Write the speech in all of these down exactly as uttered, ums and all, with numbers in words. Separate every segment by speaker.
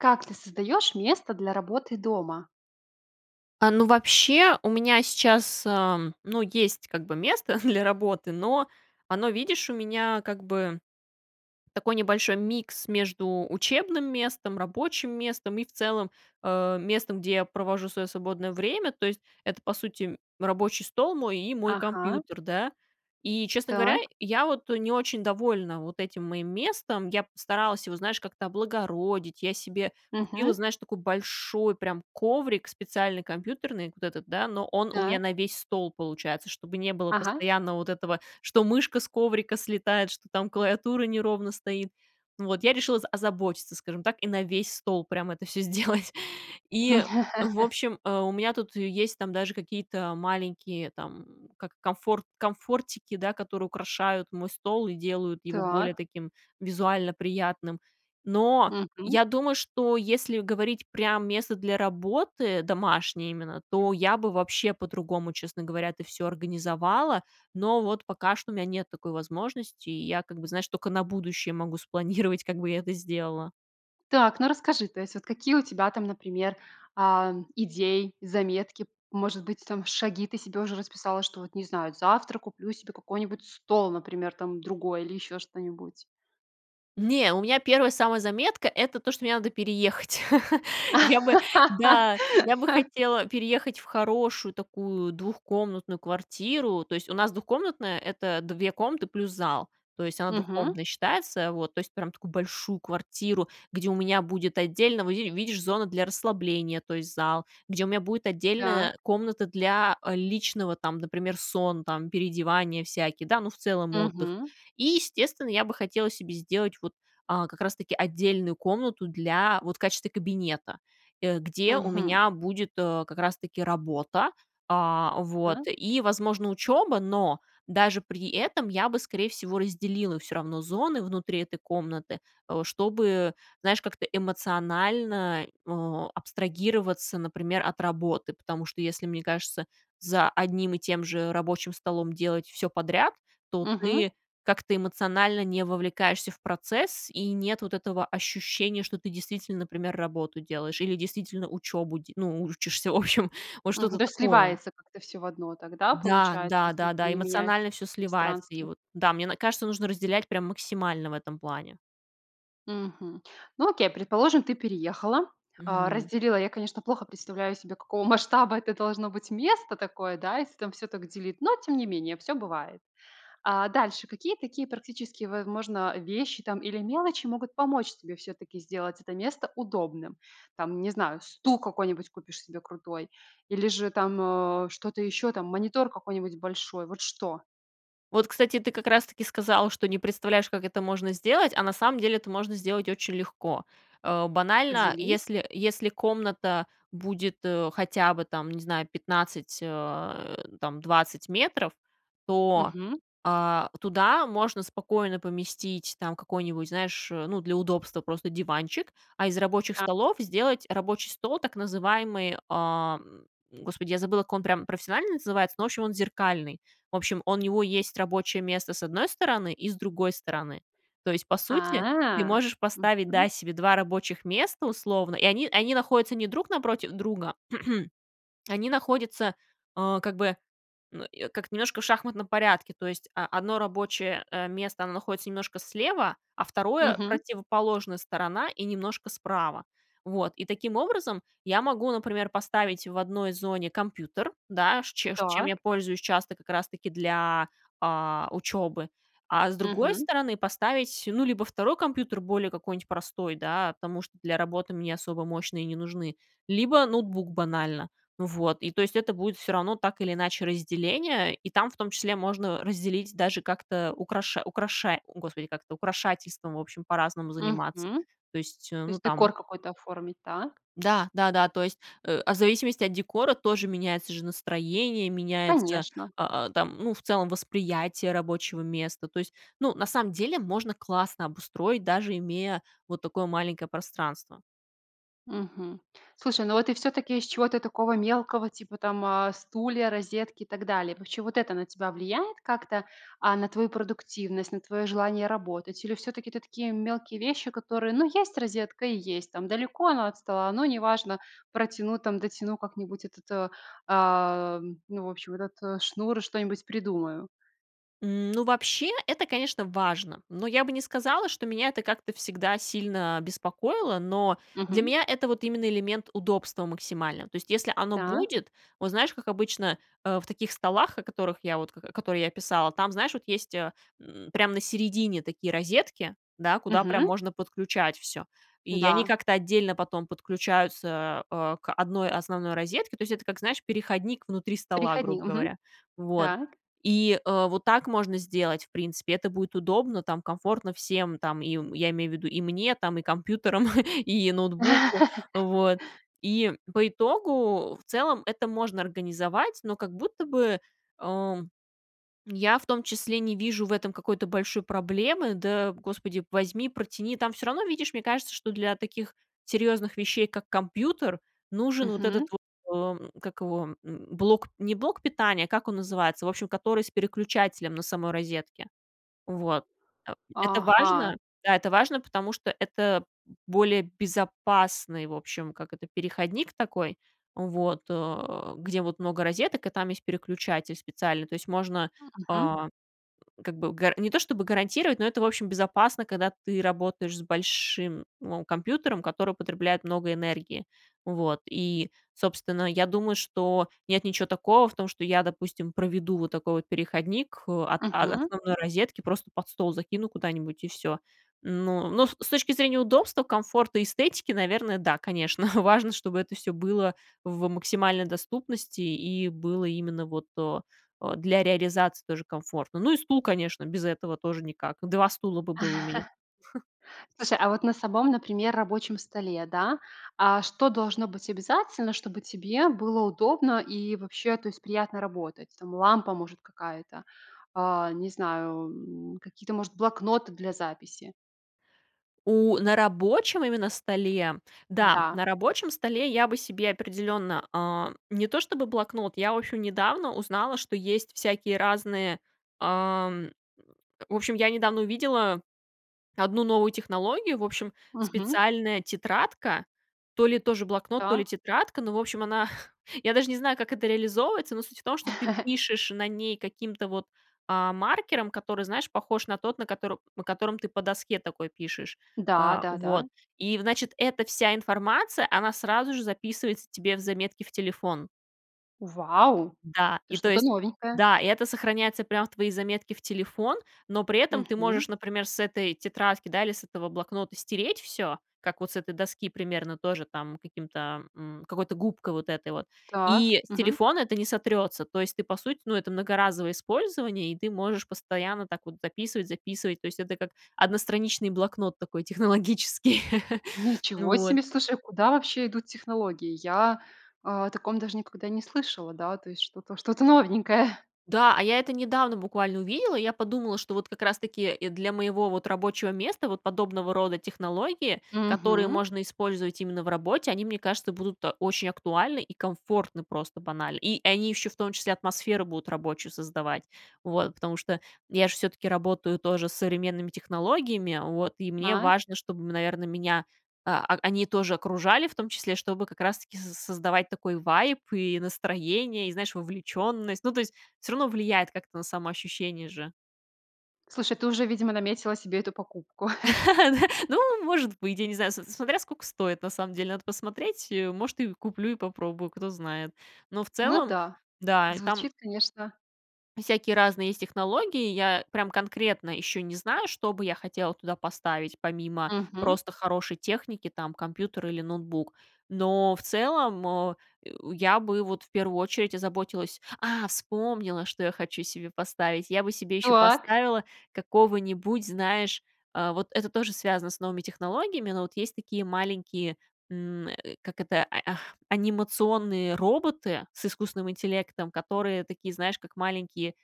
Speaker 1: Как ты создаешь место для работы дома?
Speaker 2: А, ну, вообще, у меня сейчас, эм, ну, есть как бы место для работы. Но оно, видишь, у меня как бы такой небольшой микс между учебным местом, рабочим местом и, в целом, э, местом, где я провожу свое свободное время. То есть это, по сути, рабочий стол мой и мой
Speaker 1: Ага.
Speaker 2: компьютер, да. И, честно говоря,
Speaker 1: Так.
Speaker 2: я вот не очень довольна вот этим моим местом. Я постаралась его, знаешь, как-то облагородить. Я себе купила,
Speaker 1: Мгм.
Speaker 2: знаешь, такой большой прям коврик специальный компьютерный, вот этот, да, но он у меня
Speaker 1: Так.
Speaker 2: на весь стол получается, чтобы не было
Speaker 1: Ага.
Speaker 2: постоянно вот этого, что мышка с коврика слетает, что там клавиатура неровно стоит. Вот. Я решила за озаботиться, скажем так, и на весь стол прямо это всё сделать. И, в общем, э, у меня тут есть, там, даже какие-то маленькие, там, как комфор комфортики, да, которые украшают мой стол и делают его более
Speaker 1: Так.
Speaker 2: таким визуально приятным. Но
Speaker 1: Мгм.
Speaker 2: я думаю, что если говорить прям "место для работы", домашнее именно, то я бы вообще по-другому, честно говоря, это всё организовала. Но вот пока что у меня нет такой возможности, и я как бы, знаешь, только на будущее могу спланировать, как бы я это сделала.
Speaker 1: Так, ну, расскажи, то есть вот какие у тебя там, например, а, идеи, заметки? Может быть, там шаги ты себе уже расписала, что вот, не знаю, завтра куплю себе какой-нибудь стол, например, там другой или ещё что-нибудь.
Speaker 2: Не, у меня первая самая заметка- это то, что мне надо переехать. Я бы да, я бы хотела переехать в хорошую такую двухкомнатную квартиру. То есть, у нас двухкомнатная- это две комнаты плюс зал. То есть, она
Speaker 1: Мгм.
Speaker 2: двухкомнатной считается, вот. То есть, прям такую большую квартиру, где у меня будет отдельно, во, ви ви видишь, зона для расслабления, то есть, зал, где у меня будет
Speaker 1: Так.
Speaker 2: отдельная комната для, э, личного, там, например, сон, там, переодевания всякие, да, ну, в целом отдых.
Speaker 1: Мгм.
Speaker 2: И, естественно, я бы хотела себе сделать, вот, а, как раз таки отдельную комнату для, вот, в качестве кабинета, э, где у
Speaker 1: Мгм.
Speaker 2: меня будет, э, как раз таки работа, а, вот,
Speaker 1: Так.
Speaker 2: и, возможно, учеба, но даже при этом я бы, скорее всего, разделила всё равно зоны внутри этой комнаты, э, чтобы, знаешь, как-то эмоционально, э, абстрагироваться, например, от работы, потому что, если, мне кажется, за одним и тем же рабочим столом делать всё подряд, то
Speaker 1: Мгм.
Speaker 2: ты как-то эмоционально не вовлекаешься в процесс, и нет вот этого ощущения, что ты, действительно, например, работу делаешь или, действительно, учебу де ну, учишься, в общем, вот
Speaker 1: Мгм,
Speaker 2: что-то
Speaker 1: даже
Speaker 2: такое.
Speaker 1: сливается как-то всё в одно, так, да,
Speaker 2: Да
Speaker 1: получается,
Speaker 2: да
Speaker 1: если
Speaker 2: да
Speaker 1: ты
Speaker 2: да,
Speaker 1: не меняешь
Speaker 2: эмоционально всё сливается, и
Speaker 1: пространство.
Speaker 2: вот, да, мне н кажется, нужно разделять прям максимально в этом плане.
Speaker 1: Мгм. Ну, окей, предположим, ты переехала, а,
Speaker 2: Мгм.
Speaker 1: разделила. Я, конечно, плохо представляю себе, какого масштаба это должно быть место такое, да, если там всё так делить, но тем не менее всё бывает. А, дальше, какие такие практические, возможно, вещи, там, или мелочи могут помочь тебе всё-таки сделать это место удобным? Там, не знаю, стул какой-нибудь купишь себе крутой или же там, э, что-то ещё, там, монитор какой-нибудь большой. Вот что?
Speaker 2: Вот, кстати, ты как-раз-таки сказала, что не представляешь, как это можно сделать, а на самом деле это можно сделать очень легко. А, банально,
Speaker 1: Поделись.
Speaker 2: если если комната будет, э, хотя бы, там, не знаю, пятнадцать, э, там, двадцать метров, то,
Speaker 1: Мгм.
Speaker 2: а, туда можно спокойно поместить, там, какой-нибудь, знаешь, э, ну, для удобства просто диванчик, а из рабочих
Speaker 1: А
Speaker 2: столов сделать рабочий стол, так называемый, а, м, Господи, я забыла, как он прям профессионально называется, ну, в общем, он зеркальный. В общем, он у него есть рабочее место с одной стороны и с другой стороны. То есть, по сути, ты
Speaker 1: А.
Speaker 2: можешь поставить,
Speaker 1: Мгм.
Speaker 2: да, себе два рабочих места, условно, и они они находятся не друг напротив друга, они находятся, а, как бы, как-то немножко в шахматном порядке. То есть о одно рабочее, э, место там находится немножко слева, а второе-
Speaker 1: Мгм.
Speaker 2: противоположная сторона и немножко справа. Вот. И таким образом я могу, например, поставить в одной зоне компьютер, да, ш чем ш чем я
Speaker 1: Так.
Speaker 2: пользуюсь часто как-раз-таки для, а, учебы. А с другой
Speaker 1: Мгм.
Speaker 2: стороны поставить, ну, либо второй компьютер, более какой-нибудь простой, да, потому что для работы мне особо мощные не нужны, либо ноутбук банально. Ну вот. И то есть это будет всё равно так или иначе разделение, и там, в том числе, можно разделить даже как-то украша украшарь о, Господи, как это, украшательством, в общем, по-разному заниматься.
Speaker 1: Мгм,
Speaker 2: То есть, э,
Speaker 1: то
Speaker 2: ну
Speaker 1: есть
Speaker 2: там
Speaker 1: декор какой-то оформить. Так?
Speaker 2: Да, да да. То есть, э, в зависимости от декора тоже меняется же настроение, меняется,
Speaker 1: Конечно.
Speaker 2: а, а, там, ну, в целом, восприятие рабочего места. То есть, ну, на самом деле можно классно обустроить, даже имея вот такое маленькое пространство.
Speaker 1: Мгм. Слушай, ну вот ты всё-таки из чего-то такого мелкого, типа там, а, стулья, розетки и так далее. Вообще, вот это на тебя влияет как-то, а, на твою продуктивность, на твоё желание работать? Или всё-таки это такие мелкие вещи, которые: "Ну, есть розетка и есть. Там, далеко оно от стола, но неважно, протяну, там, дотяну как-нибудь этот, э, а, ну, в общем, этот шнур. Что-нибудь придумаю".
Speaker 2: Ну, вообще, это, конечно, важно, но я бы не сказала, что меня это как-то всегда сильно беспокоило. Но для
Speaker 1: Мгм.
Speaker 2: меня это вот именно элемент удобства максимального. То есть, если оно
Speaker 1: Так.
Speaker 2: будет, вот знаешь, как обычно, э, в таких столах, о которых я вот, к которые я описала, там, знаешь, вот есть, э, м, прямо на середине такие розетки, да, куда прям
Speaker 1: Мгм.
Speaker 2: можно подключать всё, и они
Speaker 1: Да.
Speaker 2: как-то отдельно потом подключаются, э, к одной основной розетке. То есть, это как, знаешь, переходник внутри стола, грубо
Speaker 1: Переходник. Мгм.
Speaker 2: говоря. Вот.
Speaker 1: Так.
Speaker 2: И, э, вот так можно сделать, в принципе, это будет удобно, там, комфортно всем, там, им я имею в виду, и мне, там, и компьютерам, и ноутбуку. Вот. И, по итогу, в целом, это можно организовать, но как будто бы, э, я в том числе не вижу в этом какой-то большой проблемы: "Да, господи, возьми, протяни". Там всё равно, видишь, мне кажется, что для таких серьёзных вещей, как компьютер, нужен вот этот
Speaker 1: Мгм.
Speaker 2: вот, эм, как его, м, блок не блок питания, как он называется, в общем, который с переключателем на самой розетке. Вот. Э, это
Speaker 1: Ага.
Speaker 2: важно да, это важно, потому что это более безопасный, в общем, как это, переходник такой, вот, э, где вот много розеток, и там есть переключатель специальный, то есть можно,
Speaker 1: Мгм.
Speaker 2: а, как бы гар не то чтобы гарантировать, но это, в общем, безопасно, когда ты работаешь с большим, ну, компьютером, который потребляет много энергии, вот, и, собственно, я думаю, что нет ничё такого в том, что я, допустим, проведу вот такой вот переходник, э, от о
Speaker 1: Мгм.
Speaker 2: основной розетки, просто под стол закину куда-нибудь и всё. Ну, но с точки зрения удобства, комфорта и эстетики, наверное, да, конечно, важно, чтобы это всё было в максимальной доступности и было именно вот, э, э, для реализации тоже комфортно. Ну, и стул, конечно, без этого тоже никак. два стула бы было у меня.
Speaker 1: Слушай, а вот на сабом, например, рабочем столе, да. А что должно быть обязательно, чтобы тебе было удобно и вообще, то есть приятно работать? Там, лампа, может, какая-то, а, не знаю, м, какие-то, может, блокноты для записи.
Speaker 2: У, на рабочем именно столе. Да,
Speaker 1: Да.
Speaker 2: на рабочем столе я бы себе определенно, а, не то что бы блокнот, я, в общем, недавно узнала, что есть всякие разные, ам в общем, я недавно увидела одну новую технологию. В общем,
Speaker 1: Мгм.
Speaker 2: специальная тетрадка. То ли тоже блокнот, то ли
Speaker 1: Так.
Speaker 2: тетрадка, ну, в общем, она я даже не знаю, как это реализовывается, но суть в том, что ты пишешь на ней каким-то вот, а, маркером, который, знаешь, похож на тот, на котор на котором ты по доске такой пишешь.
Speaker 1: Да,
Speaker 2: А,
Speaker 1: да,
Speaker 2: вот.
Speaker 1: да.
Speaker 2: И, значит, эта вся информация, она сразу же записывается тебе в заметки в телефон.
Speaker 1: Вау!
Speaker 2: Да.
Speaker 1: Это
Speaker 2: И то
Speaker 1: что-то
Speaker 2: есть
Speaker 1: новенькое.
Speaker 2: да. И это сохраняется прям в твои заметки в телефон, но при этом ты
Speaker 1: Мгм.
Speaker 2: можешь, например, с этой тетрадки, да, или с этого блокнота стереть всё, как вот с этой доски, примерно тоже там каким-то м, какой-то губкой вот этой вот,
Speaker 1: Так.
Speaker 2: и с
Speaker 1: Мгм.
Speaker 2: телефона это не сотрется. То есть, ты, по сути, ну, это многоразовое использование, и ты можешь постоянно так вот дописывать, записывать. То есть это как одностраничный блокнот такой технологический.
Speaker 1: Ничего
Speaker 2: Вот.
Speaker 1: себе! Слушай, а куда вообще идут технологии? Я о таком даже никогда не слышала. Да, то есть что-то что-то новенькое.
Speaker 2: Да, а я это недавно буквально увидела. Я подумала, что вот как раз таки для моего, вот, рабочего места, вот подобного рода технологии, которые
Speaker 1: Мгм.
Speaker 2: можно использовать именно в работе, они, мне кажется, будут, а, очень актуальны и комфортны просто банально. И они еще, в том числе, атмосферу будут рабочую создавать. Вот, потому что я ж всё-таки работаю тоже с современными технологиями, вот, и мне
Speaker 1: А.
Speaker 2: важно, чтобы, наверно, меня, а а они тоже окружали, в том числе, чтобы как раз таки соз создавать такой вайб и настроение, и, знаешь, вовлеченность. Ну, то есть, всё равно влияет как-то на самоощущение же.
Speaker 1: Слушай, ты уже, видимо, наметила себе эту покупку.
Speaker 2: Ну, может быть, я не знаю, с смотря сколько стоит, на самом деле. Надо посмотреть, и, может, и куплю, и попробую, кто знает. Но в
Speaker 1: Ну
Speaker 2: целом,
Speaker 1: да,
Speaker 2: да, там
Speaker 1: звучит, конечно
Speaker 2: Всякие разные есть технологии. Я прям конкретно еще не знаю, что бы я хотела туда поставить, помимо
Speaker 1: Мгм.
Speaker 2: просто хорошей техники, там, компьютер или ноутбук. Но в целом, э э, я бы вот в первую очередь озаботилась А, вспомнила, что я хочу себе поставить. Я бы себе еще
Speaker 1: Так.
Speaker 2: поставила какого-нибудь, знаешь, а, вот это тоже связано с новыми технологиями, но вот есть такие маленькие, м, как это, ай, ах, анимационные роботы с искусственным интеллектом, которые такие, знаешь, как маленькие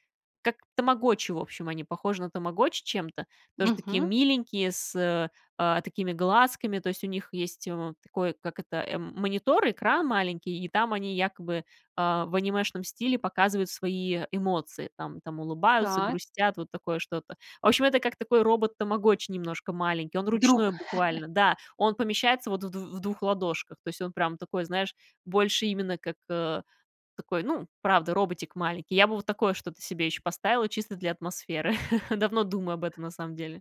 Speaker 2: как тамагочи, в общем, они похожи на тамагочи чем-то. Тоже такие
Speaker 1: Мгм.
Speaker 2: миленькие, с, э, а такими глазками, то есть, у них есть, э, такой, как это, эм, монитор, экран маленький, и там они якобы, а, в анимешном стиле показывают свои эмоции, там там, улыбаются,
Speaker 1: Так.
Speaker 2: грустят, вот такое что-то. В общем, это как такой робот-тамагочи немножко маленький, он ручной
Speaker 1: Друг.
Speaker 2: буквально, да, он помещается вот в дв в двух ладошках, то есть он прямо такой, знаешь, больше именно как, э, такой, ну, правда, роботик маленький. Я бы вот такое что-то себе еще поставила, чисто для атмосферы. Давно думаю об этом, на самом деле.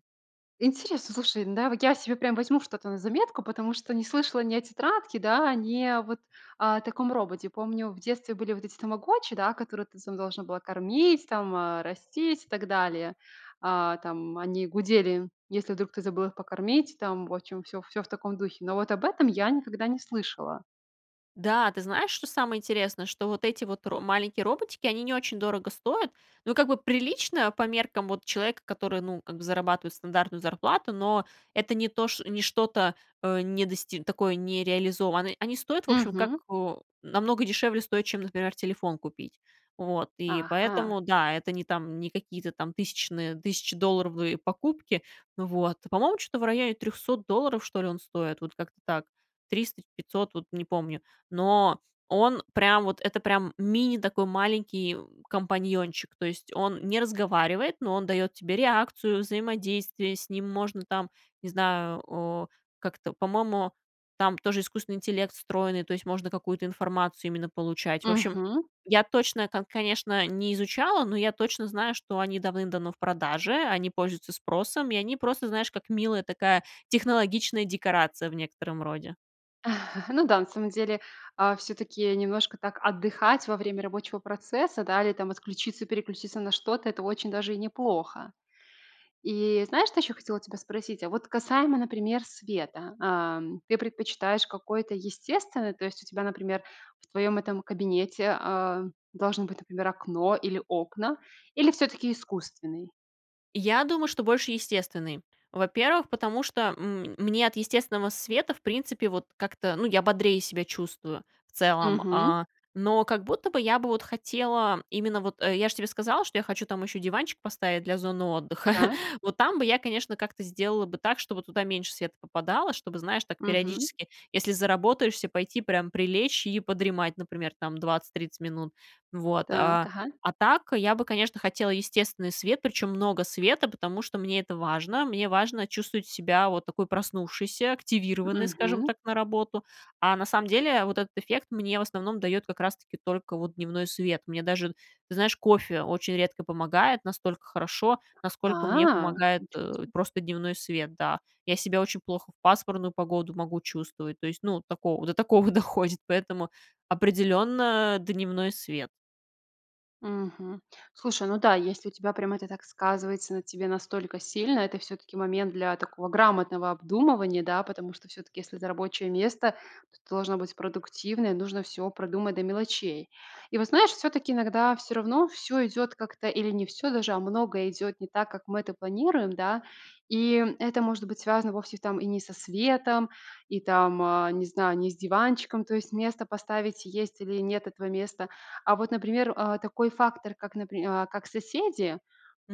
Speaker 1: Интересно, слушай, да, вот я се прям возьму что-то на заметку, потому что не слышала ни о тетрадке, да, ни о вот, а, о таком роботе. Помню, в детстве были вот эти тамагочи, да, которые ты сама должна была кормить там, э, растить и так далее. А, там, они гудели, если вдруг ты забыл их покормить. Там, в общем, всё всё в таком духе. Но вот об этом я никогда не слышала.
Speaker 2: Да, ты знаешь, что самое интересное, что вот эти вот ро маленькие роботики, они не очень дорого стоят, но как бы прилично по меркам вот человека, который, ну, как бы зарабатывает стандартную зарплату, но это не то ш не что-то, э, не дости такое не реализовано. Они стоят, в общем, так,
Speaker 1: Мгм.
Speaker 2: э, намного дешевле стоят, чем, например, телефон купить. Вот, и
Speaker 1: Ага!
Speaker 2: поэтому, да, это не там не какие-то там тысячные тысячедолларовые покупки. Вот, по-моему, чё-то в районе трехсот долларов, что ли, он стоит, вот как-то так триста пятьсот, вот не помню. Но он прям вот, это прям мини такой маленький компаньончик, то есть он не разговаривает, но он дает тебе реакцию, взаимодействие, с ним можно там, не знаю, э, как-то, по-моему, там тоже искусственный интеллект встроенный, то есть можно какую-то информацию именно получать. В общем,
Speaker 1: Мгм.
Speaker 2: я точно там, конечно, не изучала, но я точно знаю, что они давным-давно в продаже, они пользуются спросом, и они просто, знаешь, как милая такая технологичная декорация в некотором роде.
Speaker 1: Ну да, на самом деле, а, всё-таки немножко так отдыхать во время рабочего процесса, да, или там отключиться, переключиться на что-то- это очень даже и неплохо. И знаешь, что еще хотела тебя спросить? А вот касаемо, например, света. Ам, ты предпочитаешь какое-то естественное? То есть у тебя, например, в твоем этом кабинете, а, должно быть, например, окно или окна, или всё-таки искусственный?
Speaker 2: Я думаю, что больше естественный. Во-первых, потому что, м, мне от естественного света, в принципе, вот как-то, ну, я бодрее себя чувствую в целом.
Speaker 1: Мгм.
Speaker 2: А, но как будто бы я бы вот хотела, именно вот, э, я ж тебе сказала, что я хочу там еще диванчик поставить для зоны отдыха,
Speaker 1: Так.
Speaker 2: вот там бы я, конечно, как-то сделала бы так, чтобы туда меньше света попадало, чтобы, знаешь, так
Speaker 1: Мгм.
Speaker 2: периодически, если заработаешься, пойти прям прилечь и подремать, например, там, двадцать тридцать минут. Вот,
Speaker 1: Так.
Speaker 2: а.
Speaker 1: Ага.
Speaker 2: А так я бы, конечно, хотела естественный свет, причем много света, потому что мне это важно. Мне важно чувствовать себя вот такой проснувшейся, активированной, скажем
Speaker 1: Мгм.
Speaker 2: так, на работу. А на самом деле вот этот эффект мне, в основном, дает как раз-таки только вот дневной свет. Мне даже, ты знаешь, кофе очень редко помогает настолько хорошо, насколько мне
Speaker 1: А,
Speaker 2: помогает,
Speaker 1: ничего
Speaker 2: э,
Speaker 1: себе.
Speaker 2: просто дневной свет, да. Я себя очень плохо в пасмурную погоду могу чувствовать, то есть, ну, такого до такого доходит, поэтому определенно дневной свет.
Speaker 1: Мгм. Слушай, ну да, если у тебя прям это так сказывается на тебе настолько сильно, это всё-таки момент для такого грамотного обдумывания, да. Потому что, всё-таки, если это рабочее место, то ты должна быть продуктивная. Нужно всё продумать до мелочей. И вот знаешь, всё-таки иногда всё равно всё идет как-то или не всё даже, а много идет не так, как мы это планируем, да. И это может быть связано вовсе там и не со светом, и там, а, не знаю, не с диванчиком. То есть место поставить есть, или нет этого места. А вот, например, а, такой фактор как, напри а, как соседи,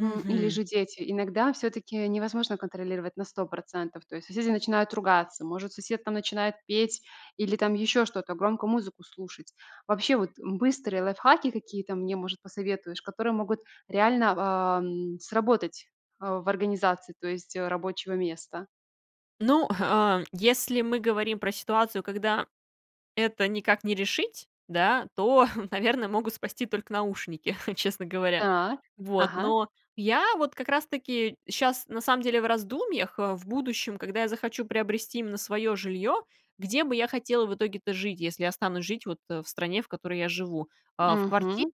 Speaker 1: м, или же дети, иногда всё-таки невозможно контролировать на сто процентов. То есть соседи начинают ругаться. Может, сосед там начинает петь или там еще что-то, громко музыку слушать. Вообще вот быстрые лайфхаки какие-то мне, может, посоветуешь? Которые могут реально в, ам, сработать, а, в организации, то есть рабочего места.
Speaker 2: Ну, а, если мы говорим про ситуацию, когда это никак не решить, да, то, наверное, могут спасти только наушники, честно говоря.
Speaker 1: Так.
Speaker 2: Вот.
Speaker 1: Ага.
Speaker 2: Но я вот как раз таки щас на самом деле в раздумьях, э, в будущем, когда я захочу приобрести именно свое жилье, где бы я хотела в итоге-то жить, если останусь жить вот в стране, в которой я живу. А, в квартире
Speaker 1: Мгм.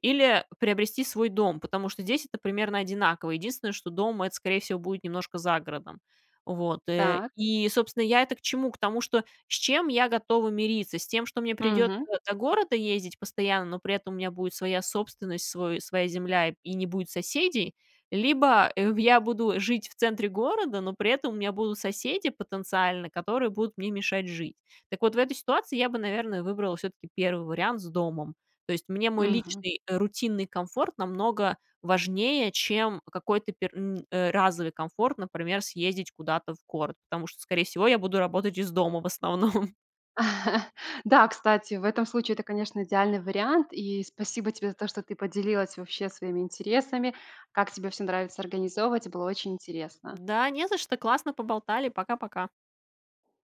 Speaker 2: или приобрести свой дом, потому что здесь это примерно одинаково. Единственное, что дом- это, скорее всего, будет немножко за городом. Вот. Э,
Speaker 1: Так.
Speaker 2: и, собственно, я это к чему? К тому, что с чем я готова мириться? С тем, что мне придется
Speaker 1: Мгм.
Speaker 2: до города ездить постоянно, но при этом у меня будет своя собственность, свой своя земля и не будет соседей? Либо, э, ух я буду жить в центре города, но при этом у меня будут соседи потенциально, которые будут мне мешать жить. Так вот, в этой ситуации я бы, наверное, выбрала все-таки первый вариант с домом. То есть, мне мой
Speaker 1: Мгм.
Speaker 2: личный, э, рутинный комфорт намного важнее, чем какой-то пер м, э, разовый комфорт, например, съездить куда-то в город, потому что, скорее всего, я буду работать из дома в основном.
Speaker 1: Да, кстати, в этом случае это, конечно, идеальный вариант. И спасибо тебе за то, что ты поделилась вообще своими интересами, как тебе всё нравится организовывать. И было очень интересно.
Speaker 2: Да, не за что, классно поболтали. Пока-пока.